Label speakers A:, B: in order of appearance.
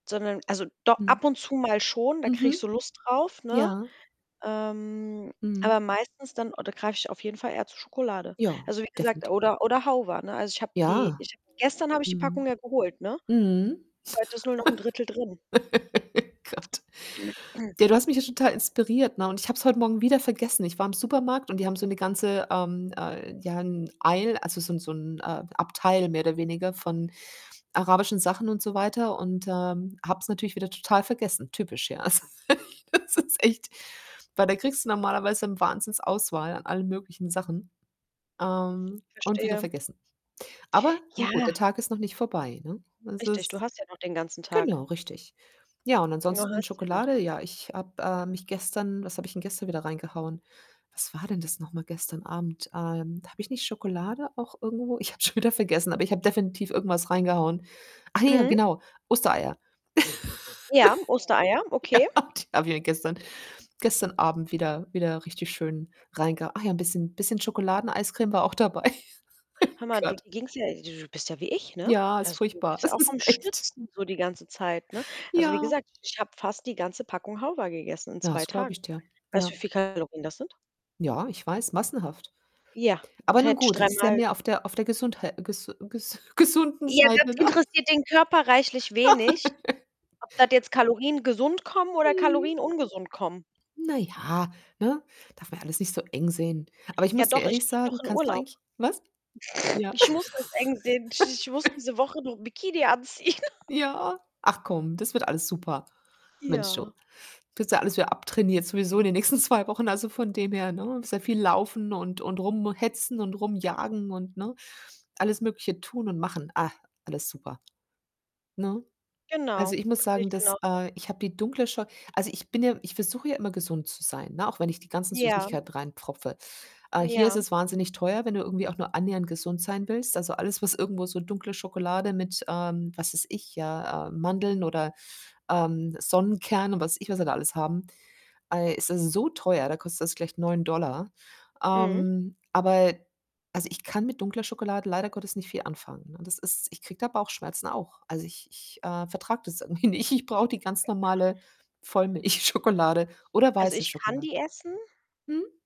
A: Sondern also do
B: Mhm.
A: ab und zu mal schon, da kriege ich
B: Mhm.
A: so Lust drauf, ne?
B: Ja.
A: Ähm,
B: Mhm.
A: aber meistens dann oder greife ich auf jeden Fall eher zu Schokolade.
B: Ja,
A: Also, wie gesagt
B: definiti
A: oder oder [unintelligible] ne? Also, ich habe die
B: Ja.
A: ich gestern habe ich die
B: Mhm.
A: Packung ja geholt, ne,
B: Mhm.
A: heute ist nur noch 'n 1/3 drin.
B: Gott. Ja, du hast mich ja total inspiriert, ne, und ich habe es heut Morgen wieder vergessen. Ich war im Supermarkt und die haben so 'ne ganze, ähm, äh ja 'n Eil also so 'n so 'n, ähm, Abteil mehr oder weniger von arabischen Sachen und so weiter und ähm, habe es natürlich wieder total vergessen, typisch, ja. Also, das ist echt weil da kriegst du normalerweise, hm, Wahnsinns-Auswahl an allen möglichen Sachen, ähm und wieder
A: Verstehe.
B: vergessen. Aber nun gut,
A: Ja.
B: der Tag ist noch nicht vorbei, ne? Das
A: Richtig, du
B: ist
A: hast ja noch den ganzen Tag.
B: genau richtig. Ja, und
A: Na,
B: ansonsten
A: hast ja noch.
B: Schokolade ja, ich habe, äh mich gestern was habe ich denn gestern wieder reingehauen? Was war denn das noch mal gestern Abend? Ähm, habe ich nicht Schokolade auch irgendwo ich habe es schon wieder vergessen, aber ich habe definitiv irgendwas reingehauen. Ach ja,
A: Mhm.
B: genau, Ostereier.
A: Ja, Ostereier, okay.
B: Ja, die habe ich ja gestern gestern Abend wieder wieder richtig schön reinge ach ja, 'n bisschen bisschen Schokoladeneiscreme war auch dabei.
A: Hör mal, du
B: Gott.
A: ging's ja du bist ja wie ich, ne?
B: Ja, ist
A: Also, du
B: furchtbar.
A: bist ja
B: Es
A: auch
B: ist
A: am
B: echt
A: schnitzen so die ganze Zeit, ne? Also wie
B: Ja.
A: gesagt, ich habe fast die ganze Packung [unintelligible] gegessen in 2
B: Das glaube
A: Tagen.
B: ich dir.
A: Weißt du, wie
B: Ja.
A: viel Kalorien das sind?
B: Ja, ich weiß, massenhaft.
A: Ja,
B: Aber nun
A: hätte ich
B: gut, es ist ja
A: dreimal
B: mehr auf der auf der Gesundhei gesu gesund gesunden
A: Ja, das
B: Seite, ne?
A: interessiert den Körper reichlich wenig, ob das jetzt Kalorien gesund kommen oder
B: Mhm.
A: Kalorien ungesund kommen.
B: Na ja, ne, darf man alles nicht so eng sehen. Aber ich
A: Ja
B: muss dir
A: doch, ich
B: ehrlich
A: fliege doch
B: sagen,
A: in
B: kannst du
A: Urlaub.
B: eigentlich was? Ja.
A: Ich muss das eng sehen. Ich muss diese Woche noch 'n Bikini anziehen.
B: Ja, ach komm, das wird alles super. Mensch, du.
A: Ja.
B: Kriegst du ja alles wieder abtrainiert sowieso in den nächsten 2 Wochen, also von dem her, ne? Sehr viel laufen und und rumhetzen und rumjagen und ne, alles Mögliche tun und machen. Ah, alles super, ne? Also,
A: Genau,
B: ich muss
A: sehe
B: sagen,
A: ich
B: das
A: genauso.
B: äh, ich habe die dunkle Scho also, ich bin ja ich versuche ja immer gesund zu sein, ne, auch wenn ich die ganzen
A: Ja.
B: Süßigkeiten reinpfropfe. Äh, hier ist
A: Ja.
B: es wahnsinnig teuer, wenn du irgendwie auch nur annähernd gesund sein willst. Also alles, was irgendwo so dunkle Schokolade mit, ähm, was weiß ich, ja, äh, Mandeln oder, ähm, Sonnenkernen und was ich was wir da alles haben, ei, ist es so teuer, da kostet das gleich 9 $.
A: Mhm.
B: Ähm, aber also ich kann mit dunkler Schokolade leider Gottes nicht viel anfangen, ne? Das ist ich kriege da Bauchschmerzen auch. Also, ich ich, äh, vertrage das irgendwie nicht. Ich brauche die ganz normale Vollmilchschokolade oder
A: Also,
B: weiße
A: ich kann
B: Schokolade.
A: die essen.
B: Mhm.